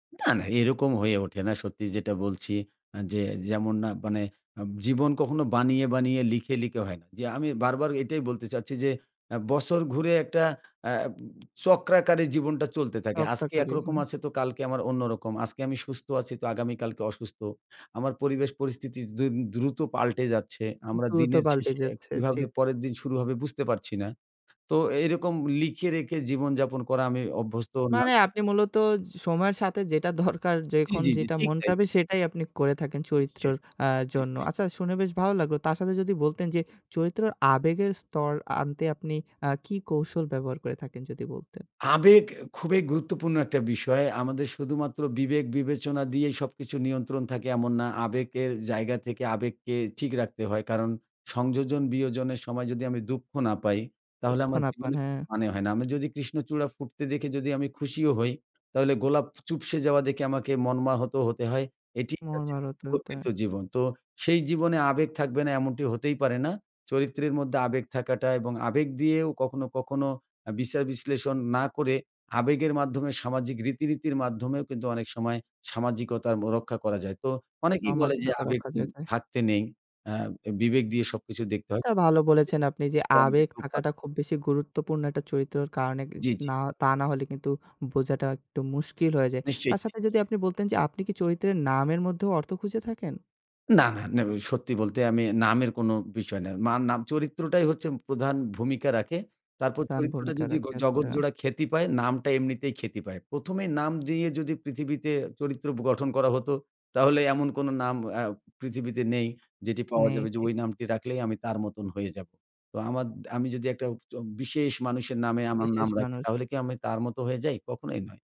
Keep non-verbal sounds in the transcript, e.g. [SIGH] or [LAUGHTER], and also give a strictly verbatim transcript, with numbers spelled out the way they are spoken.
না, না এরকম হয়ে ওঠে না। সত্যি যেটা বলছি আ যে যেমন না মানে আব জীবন কখনো বানিয়ে, বানিয়ে লিখে, লিখে হয় না। যে আমি বারবার এটাই বলতে চাচ্ছি যে আ বছর ঘুরে একটা আ চক্রাকারে জীবনটা চলতে থাকে। টকটা আজকে খালি। হু। একরকম আছে তো কালকে আমার অন্যরকম। আজকে আমি সুস্থ আছি তো আগামী কালকে অসুস্থ। আমার পরিবেশ পরিস্থিতি দ্রু দ্রুত পাল্টে যাচ্ছে। আমরা কিন্তু ও তো দিনের পাল্টে শেষে যাচ্ছে, কিভাবে ঠিক। পরের দিন শুরু হবে বুঝতে পারছি না। তো এরকম লিখে রেখে জীবনযাপন করা আমি অভ্যস্ত না। মানে আপনি মূলত সময়ের সাথে যেটা দরকার, জি, যখন জি, জি। যেটা ঠিক মন তাই, চাবে ঠিক। সেটাই আপনি করে থাকেন নিশ্চয়ই, চরিত্রের আ জন্য। নিশ্চিত। আচ্ছা শুনে বেশ ভালো লাগলো। তার সাথে যদি বলতেন যে চরিত্রের আবেগের স্তর আনতে আপনি আ কি কৌশল ব্যবহার করে থাকেন? যদি বলতেন। আবেগ খুবই গুরুত্বপূর্ণ একটা বিষয়। আমাদের শুধুমাত্র বিবেক-বিবেচনা দিয়েই সবকিছু নিয়ন্ত্রণ থাকে এমন না। আবেগের জায়গা থেকে আবেগকে ঠিক রাখতে হয়। কারণ সংযোজন বিয়োজনের সময় যদি আমি দুঃখ না পাই, তাহলে দুঃখ আমার না পান জীবনে হ্যাঁ। মানে হয় না। আমি যদি কৃষ্ণচূড়া ফুটতে দেখে যদি আমি খুশিও হই, তাহলে গোলাপ চুপসে যাওয়া দেখে আমাকে মর্মাহত হতে হয়। এটি কাছে মর্মারত হতে হয়। প্রকৃত জীবন। তো সেই জীবনে আবেগ থাকবে না এমনটি হতেই পারে না। চরিত্রের মধ্যে আবেগ থাকাটা এবং আবেগ দিয়েও কখনো, কখনো আ বিচার-বিশ্লেষণ না করে আবেগের মাধ্যমে সামাজিক রীতিনীতির মাধ্যমেও কিন্তু অনেক সময় সামাজিকতা ব রক্ষা করা যায়। তো অনেকেই বলে যে সামাজিকতা আবেগ রক্ষা উ যে যায়। থাকতে নেই। আ এ বিবেক দিয়ে সবকিছু দেখতে হয়। এটা ভালো বলেছেন আপনি। যে আবেগ [UNINTELLIGIBLE] থাকাটা খুব বেশি গুরুত্বপূর্ণ একটা চরিত্রের কারণে ই জি, জি। না তা না হলে কিন্তু বোঝাটা একটু মুশকিল হয়ে যায়। নিশ্চয় তার তাই। সাথে যদি [UNINTELLIGIBLE] আপনি বলতেন যে আপনি কি চরিত্রের নামের মধ্যেও অর্থ খুঁজে থাকেন? না, না, না উ সত্যি বলতে আমি নামের কোনো বিষয় নাই। মা নাম চরিত্রটাই হচ্ছে প্রধান ভূমিকা রাখে। তারপর প্রধান চরিত্রটা ভূমিকা যদি রাখে, আচ্ছা। জগৎজোড়া খ্যাতি পায় নামটা এমনিতেই খ্যাতি পায়। প্রথম এই নাম দিয়ে যদি পৃথিবীতে চরিত্র ব গঠন করা হত, তাহলে এমন কোনো নাম আ পৃথিবীতে নেই। যেটি পাওয়া নেই যাবে যে ঠিক। ওই নামটি রাখলেই আমি তার মতন হয়ে যাবো। তো আমার দ আমি যদি একটা চ বিশেষ মানুষের নামে আমার বিশেষ নাম রাখি, মানুষ। তাহলে কি আমি তার মত হয়ে যাই? কখনোই নয়।